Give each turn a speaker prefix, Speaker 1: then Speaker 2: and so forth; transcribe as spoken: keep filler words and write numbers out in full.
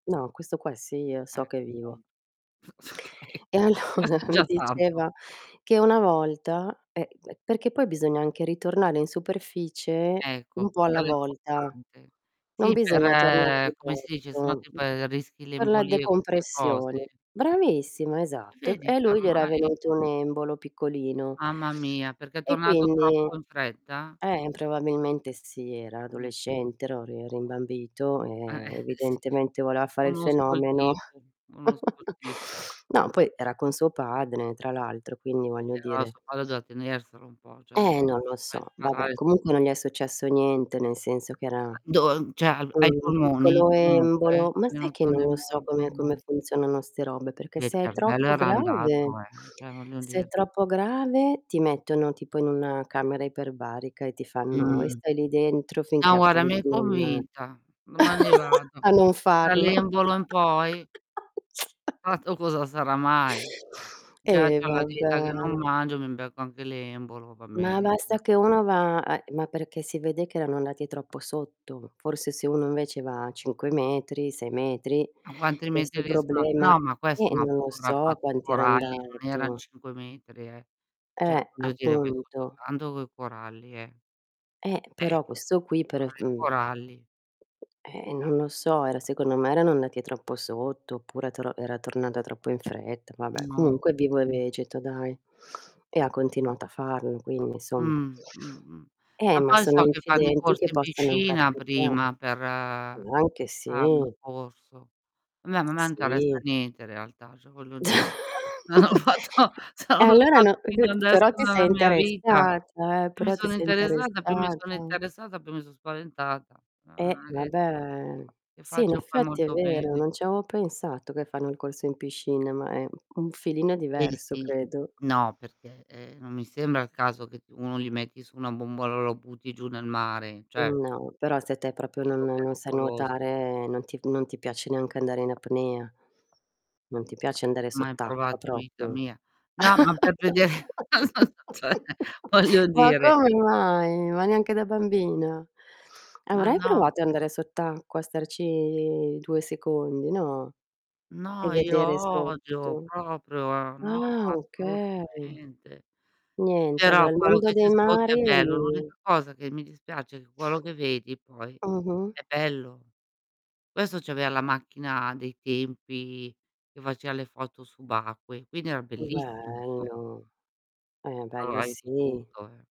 Speaker 1: No, questo qua sì, io so
Speaker 2: Ecc
Speaker 1: che è
Speaker 2: pun
Speaker 1: vivo.
Speaker 2: Okay,
Speaker 1: E
Speaker 2: questo
Speaker 1: allora
Speaker 2: è
Speaker 1: mi
Speaker 2: già tanto.
Speaker 1: diceva che una volta Eh, perché poi bisogna anche ritornare in superficie
Speaker 2: Ecco,
Speaker 1: un po' alla
Speaker 2: quello è
Speaker 1: volta,
Speaker 2: importante.
Speaker 1: non
Speaker 2: Sì,
Speaker 1: bisogna tornare di
Speaker 2: per come si dice, se no
Speaker 1: botto,
Speaker 2: tip ehm, rischi le
Speaker 1: per la
Speaker 2: embolie, queste
Speaker 1: decompressione
Speaker 2: cose.
Speaker 1: Bravissima, esatto. E e
Speaker 2: Vedi,
Speaker 1: a
Speaker 2: che
Speaker 1: lui gli era
Speaker 2: ormai
Speaker 1: venuto
Speaker 2: p
Speaker 1: un embolo piccolino
Speaker 2: Mamma mia, perché è
Speaker 1: e
Speaker 2: tornato
Speaker 1: quindi
Speaker 2: troppo in fretta?
Speaker 1: Eh, m probabilmente sì, era
Speaker 2: Mh.
Speaker 1: adolescente, ro ri
Speaker 2: Eh,
Speaker 1: rimbambito,
Speaker 2: eh,
Speaker 1: e
Speaker 2: sì.
Speaker 1: evidentemente voleva fare il
Speaker 2: Conosco il
Speaker 1: fenomeno.
Speaker 2: tipo, conosco il tipo.
Speaker 1: Ma, poi era con suo padre, tra l'altro, quindi voglio
Speaker 2: Però
Speaker 1: dire.
Speaker 2: suo padre doveva tenerselo un po', ceh
Speaker 1: Eh, non lo so, vabbè comunque
Speaker 2: [unintelligible]
Speaker 1: non gli è successo niente, nel senso che era
Speaker 2: Do uhm, ceh a v ai
Speaker 1: un
Speaker 2: polmoni,
Speaker 1: piccolo
Speaker 2: comunque,
Speaker 1: embolo.
Speaker 2: gli
Speaker 1: Ma
Speaker 2: è
Speaker 1: sai che
Speaker 2: venuto un
Speaker 1: non lo
Speaker 2: embolo
Speaker 1: so
Speaker 2: al
Speaker 1: come come
Speaker 2: polmon
Speaker 1: funzionano 'ste robe, perché
Speaker 2: Via, ir
Speaker 1: se è
Speaker 2: cervello
Speaker 1: troppo
Speaker 2: era
Speaker 1: grave
Speaker 2: andato, eh, ceh, voglio
Speaker 1: se è
Speaker 2: dir
Speaker 1: troppo grave ti mettono tipo in una camera iperbarica e ti fanno e
Speaker 2: Mh.
Speaker 1: stai lì dentro finché
Speaker 2: No guara, mi
Speaker 1: appunto
Speaker 2: hai
Speaker 1: non
Speaker 2: convinta, domani vado.
Speaker 1: a non farlo.
Speaker 2: Dall'embolo in poi Tra l'altro cosa sarà mai? Già
Speaker 1: Eh
Speaker 2: c'ho la
Speaker 1: vabbè.
Speaker 2: dieta che non mangio, mi becco anche l'embolo, va
Speaker 1: Ma
Speaker 2: bene
Speaker 1: basta che
Speaker 2: [unintelligible]
Speaker 1: uno va ehm, ma perché si vede che erano andati troppo sotto. Forse se uno invece va a cinque metri, sei metri
Speaker 2: A quanti metri
Speaker 1: questo
Speaker 2: di sgra
Speaker 1: problema
Speaker 2: no, ma
Speaker 1: Eh,
Speaker 2: questo
Speaker 1: e
Speaker 2: ma ha
Speaker 1: non lo so
Speaker 2: fotografato i
Speaker 1: quanti era
Speaker 2: coralli, non eran
Speaker 1: andato.
Speaker 2: cinque metri, eh. ceh,
Speaker 1: Eh,
Speaker 2: voglio dire, vai sotto
Speaker 1: appunto.
Speaker 2: tanto coi coralli, eh.
Speaker 1: Eh,
Speaker 2: Eh.
Speaker 1: però questo qui per es
Speaker 2: Cioè, i
Speaker 1: du
Speaker 2: coralli.
Speaker 1: Eh, e non so, era secondo me erano andati troppo sotto oppure tor era tornata troppo in fretta. Vabbè,
Speaker 2: Non
Speaker 1: comunque
Speaker 2: Mh.
Speaker 1: vivo e vegeto dai, e ha continuato a farlo, quindi insomma
Speaker 2: Mh. Mh. Mh.
Speaker 1: Eh,
Speaker 2: Ma
Speaker 1: ma
Speaker 2: poi
Speaker 1: sono
Speaker 2: so che fanno i
Speaker 1: incidenti che
Speaker 2: corsi in
Speaker 1: possono
Speaker 2: piscina
Speaker 1: capita
Speaker 2: prima per hanno
Speaker 1: anche,
Speaker 2: il
Speaker 1: sì.
Speaker 2: corso. Vabbè ma a me interessa
Speaker 1: Sì.
Speaker 2: niente in realtà, ceh voglio dì non ho fatto se
Speaker 1: E
Speaker 2: non l'ho
Speaker 1: allora no
Speaker 2: fatto
Speaker 1: que
Speaker 2: fino adesso
Speaker 1: però ti sei
Speaker 2: nella mia vita.
Speaker 1: interessata, eh,
Speaker 2: Più mi
Speaker 1: però ti
Speaker 2: sono
Speaker 1: sei
Speaker 2: interessata più mi
Speaker 1: interessata.
Speaker 2: sono interessata, più mi so' spaventata. Ah,
Speaker 1: Eh,
Speaker 2: [unintelligible]
Speaker 1: vabbè.
Speaker 2: E
Speaker 1: Sì, in
Speaker 2: faccio poi
Speaker 1: effetti è
Speaker 2: molto
Speaker 1: vero,
Speaker 2: bene.
Speaker 1: non ci avevo pensato che fanno il corso in piscina, ma è u un filino
Speaker 2: Eh
Speaker 1: diverso
Speaker 2: sì, mhmm
Speaker 1: credo.
Speaker 2: No perché, ehm, non mi sembra il caso che t uno gli metti su una bombola e lo butti giù nel mare, ceh
Speaker 1: Mhmm, no, però se te propio non
Speaker 2: Tipo
Speaker 1: non sai
Speaker 2: pericolos
Speaker 1: nuotare, non ti f non ti piace neanche andare in apnea, non ti piace andare
Speaker 2: Mai
Speaker 1: sott'acqua
Speaker 2: provato in vita
Speaker 1: proprio.
Speaker 2: mia. No, ma per vede non so s ceh, voglio
Speaker 1: Ma
Speaker 2: dire.
Speaker 1: come mai? Ma neanche da bambina?
Speaker 2: Ma
Speaker 1: Avrai
Speaker 2: no.
Speaker 1: provato a andare sott'acqua, starci due secondi, no, e
Speaker 2: No, io
Speaker 1: vedere
Speaker 2: odio
Speaker 1: sotto?
Speaker 2: proprio, no,
Speaker 1: Ah, okay.
Speaker 2: assolutamente.
Speaker 1: Niente,
Speaker 2: Però,
Speaker 1: allora il
Speaker 2: quello
Speaker 1: mondo
Speaker 2: che c'è
Speaker 1: dei
Speaker 2: sotto è
Speaker 1: mari
Speaker 2: bello. L'
Speaker 1: [unintelligible]
Speaker 2: unica cosa che mi dispiace quello che vedi poi
Speaker 1: Mh-mh.
Speaker 2: è bello. Questo avea la macchina dei tempi che facea le foto subacque, quindi era bellissimo so
Speaker 1: Bello. Eh, ma bello
Speaker 2: Trovavi di
Speaker 1: sì!
Speaker 2: tutto, eh.